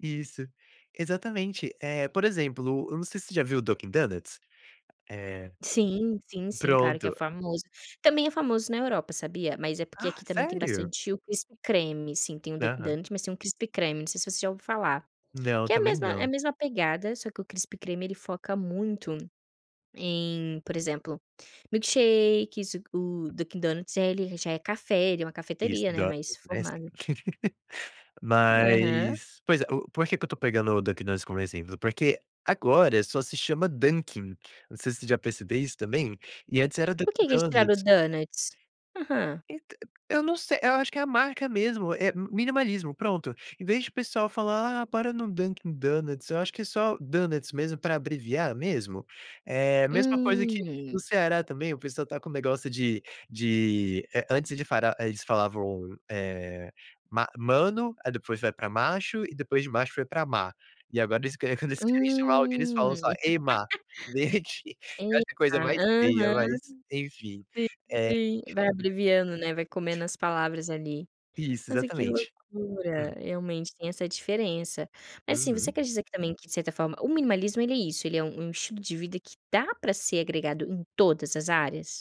Isso, exatamente. Eh, por exemplo, eu não sei se você já viu Dunkin Donuts. Eh, Sim, sim, sim, claro que é pronto. famoso. Também é famoso na Europa, sabia? Mas é porque Ah, aqui também tem sério? bastante o Crispy Creme, assim, tem o Dunkin Aham. Donuts, mas tem um Crispy Creme, não sei se você já ouviu falar. Não, eu Que é a também mesma é a não. mesma pegada, só que o Crispy Creme ele foca muito em, por exemplo, milkshake, isso o Dunkin Donuts, ele já é café, ele é uma Isso, cafeteria, né, do mais né, sim. formada. Aham. Mas pois é, o por que que eu estou pegando o Dunkin Donuts como exemplo? Porque agora só se chama Dunkin, não sei se já percebeu isso também, e antes era Por quê Dunkin que eles tiraram o Donuts. donuts? Aham. Ent eu não sei, eu acho que é a marca mesmo, é minimalismo, pronto. Em vez de o pessoal falar: "Ah, bora no Dunkin Donuts", eu acho que é só Donuts mesmo, para abreviar mesmo. É mesma coisa que Hum. no Ceará também, o pessoal está com o negócio de de, eh, antes de eles fara eh, eles falavam, eh, "ma mano", aí depois vai para "macho" e depois de "macho" foi para "má", e agora eles que quando eles querem chamar alguém, eles falam Hum. só: "Ei, má", gente, eu Eita. acho a coisa mais feia, Aham. mas enfim. Sim, É sim, vai abreviando, né, vai comendo as palavras ali. Isso, Nossa, que exatamente. loucura, Hum. realmente tem essa diferença. Mas assim, você Uhum. acredita que também, que de certa forma, o minimalismo ele é isso, ele é um um estilo de vida que dá para ser agregado em todas as áreas?